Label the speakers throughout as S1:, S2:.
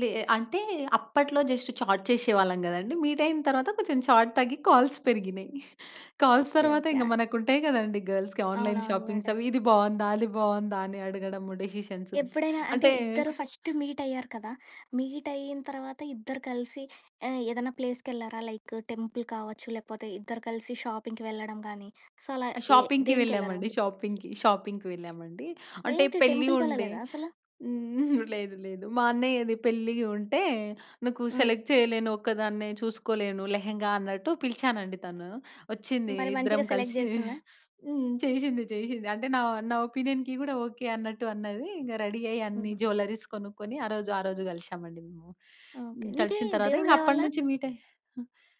S1: లే ఎ అంటే అప్పట్లో జస్ట్ చాట్ చేశేవాళ్ళం గదండీ. మీట్ అయిన తరువాత కొంచెం చాట్ తగ్గి కాల్స్ పెరిగినయి. Calls
S2: okay.
S1: తరువాత,
S2: ఓకే.
S1: ఇంగ
S2: ఆహ్
S1: మనకుంటయి గదండీ! గర్ల్స్‌కి ఆన్లైన్
S2: అవునవును. మెడ
S1: షాపింగ్స్ అవి. "ఇది బాగుందా? అది బాగుందా?" అని అడగడము డిసిషన్స్.
S2: ఎప్పుడైనా అంటే
S1: అంటే
S2: ఇద్దరు ఫస్ట్ మీట్ అయ్యారు కదా! మీట్ అయిన తర్వాత ఇద్దరు కలిసి ఆహ్, ఏదైనా ప్లేస్‌ కేళ్లారా? లైక్ టెంపుల్ కావచ్చు. లేపోతే ఇద్దరు కలిసి షాపింగ్‌కి వెళ్ళడం గానీ సో అలా ఏ
S1: షాపింగ్‌కి
S2: దేనికేళ్లారు?
S1: వెళ్ళామండి. షాపింగ్‌కి. షాపింగ్‌కి వెళ్ళామండి. అంటే
S2: ఏంటి
S1: పెళ్లి
S2: టెంపుల్‌
S1: ఉండే
S2: కెళ్ళలేదా అసల?
S1: హ్మ్. లేదు లేదు మా అన్నయ్యది పెళ్ళి ఉంటే, "నాకు
S2: హ్మ్.
S1: సెలెక్ట్ చేయలేను. ఒక్కదాన్నే చూసుకోలేను లెహెంగా, అన్నట్టు పిలిచానండి. తను ఒచ్చింది.
S2: మరి
S1: ఇద్దరం
S2: మంచిగా సెలెక్ట్
S1: కలిసి
S2: జేస్తుందా?
S1: హ్మ్. చేశింది. చేశింది. అంటే నా నా ఒపీనియన్‌కి గూడా ఓకే. అన్నట్టు అన్నది. ఇంగ రెడీ అయ్యి అన్ని
S2: హుహు.
S1: జ్యువెల్లరీస్ కొనుక్కొని ఆరోజు ఆరోజు కలిశామండి మేము.
S2: ఓకే.
S1: హ్మ్.
S2: నీకి
S1: కలిసిన తరువాత
S2: దేవుడి
S1: ఇంగ
S2: దయవల్ల
S1: అప్పటినుంచి మీట్ అయ్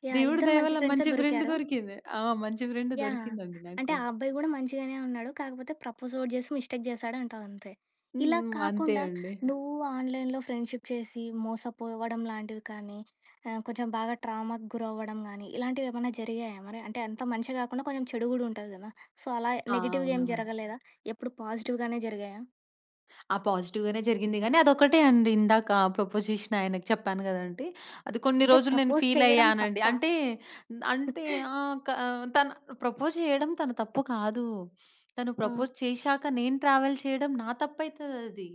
S2: యాహ్!
S1: దేవుడి
S2: ఇద్దరు
S1: దయ
S2: మంచి
S1: వల్ల
S2: ఫ్రెండ్సే
S1: మంచి ఫ్రెండ్
S2: దొరికారు.
S1: దొరికింది. ఆ! మంచి ఫ్రెండ్
S2: యాహ్!
S1: దొరికిందండి
S2: అంటే
S1: నాకు.
S2: ఆ అబ్బాయి గూడా మంచిగానే ఉన్నాడు. కాకపోతే ప్రపోజ్ ఓటి జేశి మిస్టేక్ జేసాడు అంటావంతే.
S1: హ్మ్.
S2: ఇలా
S1: హ్మ్. అంతే
S2: కాకుండా,
S1: అండి.
S2: నువ్వు ఆన్లైన్‌లో ఫ్రెండ్షిప్ చేసి మోసపోవడం లాంటివి కానీ, ఆహ్, కొంచెం బాగా ట్రామాకు గురవ్వడం గానీ ఇలాంటివేమన్నా జరిగాయా మరి? అంటే అంత మంచి గాకుండా కొంచెం చెడు గూడా ఉంటుంది గదా! సో అలా
S1: ఆ!
S2: నెగెటివ్‌గా ఏం
S1: అవునవును.
S2: జరగలేదా? ఎప్పుడు పాజిటివ్‌గానే జరిగాయా?
S1: ఆ! పాజిటివ్‌గానే జరిగింది గానీ అదొక్కటే అండి ఇందాక ప్రపోజ్ జేసిన ఆయనకి చెప్పాను గదండీ. అది కొన్ని
S2: అంటే
S1: రోజులు నేను
S2: ప్రపోజ్
S1: ఫీల్
S2: చేయడం
S1: అయ్యానండి.
S2: తప్ప?
S1: అంటే అంటే ఆ! క తన ప్రపోజ్ చేయడం తన తప్పు కాదు, తను
S2: ఆ!
S1: ప్రపోజ్ చేశాక, నేను ట్రావెల్ చేయడం నా తప్పైతది అది.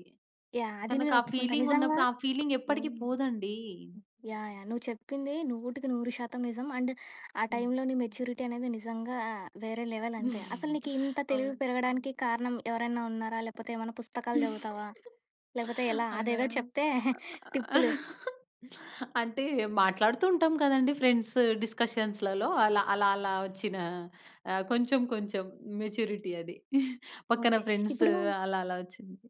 S2: యాహ్! అది నేను
S1: తనకు ఆ
S2: ఒప్పుకుంటా
S1: ఫీలింగ్
S2: నిజంగా
S1: ఉన్నప్పుడు ఆ ఫీలింగ్ ఎప్పటికి
S2: హ్మ్.
S1: పోదండి.
S2: యాహ్! యాహ్! నువ్వు చెప్పింది నూటికి నూరు శాతం నిజం. అండ్ ఆ
S1: హ్మ్.
S2: టైంలో నీ మెచ్యూరిటీ అనేది నిజంగా వేరే లెవెల్ అంతే. అసలు నీకు ఇంత తెలివి
S1: ఆ!
S2: పెరగడానికి కారణం ఎవరైనా ఉన్నారా? లేపోతే ఏమైనా పుస్తకాలు జదువుతావా? లేపోతే ఎలా?
S1: అర
S2: అదేదో చెప్తే టిప్పులు.
S1: అంటే మాట్లాడుతూ ఉంటాం కదండీ ఫ్రెండ్స్ డిస్కషన్స్‌లలో అలా. అలా, అలా ఒచ్చిన ఆహ్, కొంచెం కొంచెం మెచ్యూరిటీ అది. పక్కన
S2: ఓకే.
S1: ఫ్రెండ్స్
S2: ఇప్పుడు
S1: అలా అలా ఒచ్చింది.